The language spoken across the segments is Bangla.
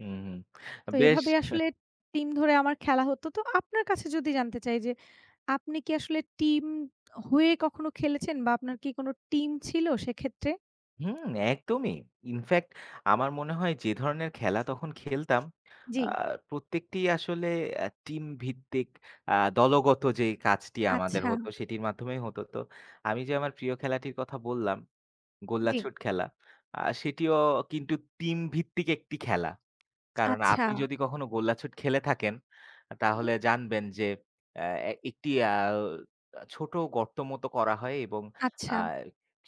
হুম, হুম। তো বেশ। এভাবে হেহ আসলে টিম ধরে আমার খেলা হতো। তো আপনার কাছে যদি জানতে চাই যে, আপনি কি আসলে টিম হয়ে কখনো খেলেছেন বা আপনার কি কোনো টিম ছিল সেক্ষেত্রে? হুম একদমই। ইনফ্যাক্ট আমার মনে হয় যে, ধরনের খেলা তখন খেলতাম, আ জি। প্রত্যেকটি আসলে অ্যা টিম ভিত্তিক আ দলগত যে কাজটি আমাদের হতো আচ্ছা। সেটির মাধ্যমেই হতো. তো, আমি যে আমার প্রিয় খেলাটির কথা বললাম, জি। গোল্লাছুট খেলা, আ সেটিও কিন্তু টিম ভিত্তিক একটি খেলা। কারণ আপনি আচ্ছা। যদি কখনো গোল্লাছুট খেলে থাকেন, হু, হু। তাহলে জানবেন যে অ্যা একটি অ্যা ও আ ছোট গর্তর মতো করা হয় এবং আ আচ্ছা।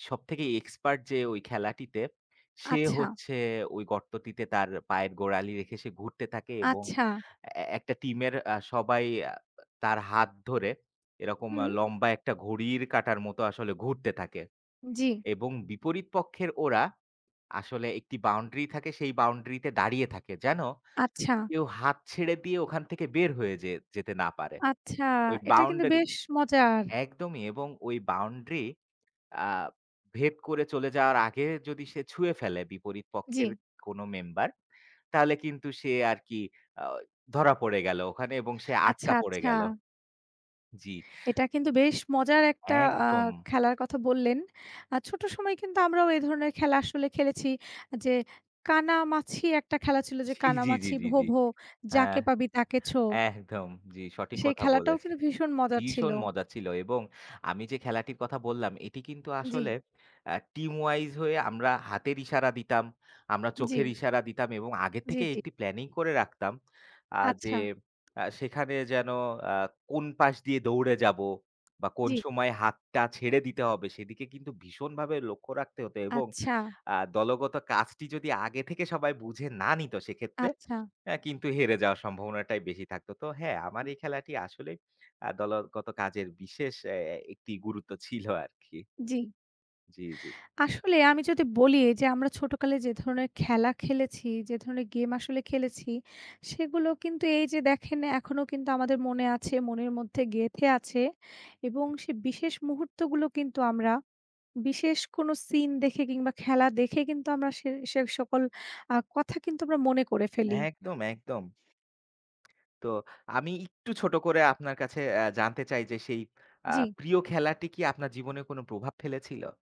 সবথেকে এক্সপার্ট যে ওই খেলাটিতে সে আচ্ছা। হচ্ছে ওই গর্তটিতে তার পায়ের গোড়ালি রেখে সে ঘুরতে থাকে এবং আচ্ছা। অ্যা অ্যা একটা টিমের আ সবাই আ তার হাত ধরে এরকম হুম। লম্বা একটা ঘড়ির কাটার মতো আসলে ঘুরতে থাকে। জি। এবং বিপরীত পক্ষের ওরা, আসলে একটি বাউন্ডারি থাকে, সেই বাউন্ডারিতে দাঁড়িয়ে থাকে যেন আচ্ছা। কেউ হাত ছেড়ে দিয়ে ওখান থেকে বের হয়ে যেয়ে যেতে না পারে। আচ্ছা। ওই এটা কিন্তু বাউন্ডারি বেশ মজার। একদমই এবং ঐ বাউন্ডারি আ ভেদ করে চলে যাওয়ার আগে যদি সে ছুঁয়ে ফেলে বিপরীত পক্ষের জি। কোনো মেম্বার, তাহলে কিন্তু সে আরকি আ ধরা পড়ে গেল ওখানে এবং সে আচ্ছা, আটকা পড়ে আচ্ছা। গেল। জি। এটা কিন্তু বেশ মজার একটা আ একদম। খেলার কথা বললেন। আর ছোট সময় কিন্তু আমরাও এ ধরনের খেলা আসলে খেলেছি যে, কানামাছি একটা খেলা ছিল যে, জি, জি, জি, "কানামাছি জি, ভোঁ জি। ভোঁ, হ্যাঁ। যাকে পাবি তাকে ছো।" একদম, জি। সঠিক সেই কথা খেলাটাও বলেছেন। কিন্তু ভীষণ মজার ছিল। ভীষণ মজা ছিল এবং আমি যে খেলাটির কথা বললাম, এটি কিন্তু আ আসলে জি। অ্যা টিম ওয়াইজ হয়ে, আমরা হাতের ইশারা দিতাম, আমরা চোখের জি। ইশারা দিতাম এবং আগের জি, থেকেই জি। একটি প্ল্যানিং করে রাখতাম আ যে আচ্ছা। আ সেখানে যেন আ কোন পাশ দিয়ে দৌড়ে যাব বা কোন জি। সময় হাতটা ছেড়ে দিতে হবে, সেদিকে কিন্তু ভীষণভাবে লক্ষ্য রাখতে হতো এবং আচ্ছা। আ দলগত কাজটি যদি আগে থেকে সবাই বুঝে না নিত, সেক্ষেত্রে আচ্ছা। অ্যা কিন্তু হেরে যাওয়ার সম্ভাবনাটাই বেশি থাকত। তো হ্যাঁ, আমার হু। এই খেলাটি আসলেই আ দলগত কাজের বিশেষ অ্যা অ্যা একটি গুরুত্ব ছিল আরকি। জি। জি, জি। আসলে আমি যদি বলি এই যে আমরা ছোটোকালে যে ধরনের খেলা খেলেছি, যে ধরনের গেম আসলে খেলেছি, সেগুলো কিন্তু এই যে দেখেন এখনও কিন্তু আমাদের মনে আছে, মনের মধ্যে গেঁথে আছে এবং সে বিশেষ মুহূর্তগুলো কিন্তু আমরা বিশেষ কোনো সিন দেখে কিংবা খেলা দেখে কিন্তু আমরা সে সে সকল আ কথা কিন্তু আমরা মনে করে ফেলি একদম, একদম। তো আমি একটু ছোট করে আপনার কাছে অ্যা জানতে চাই যে সেই আ জি। প্রিয় খেলাটি কি আপনার জীবনে কোনো প্রভাব ফেলেছিল?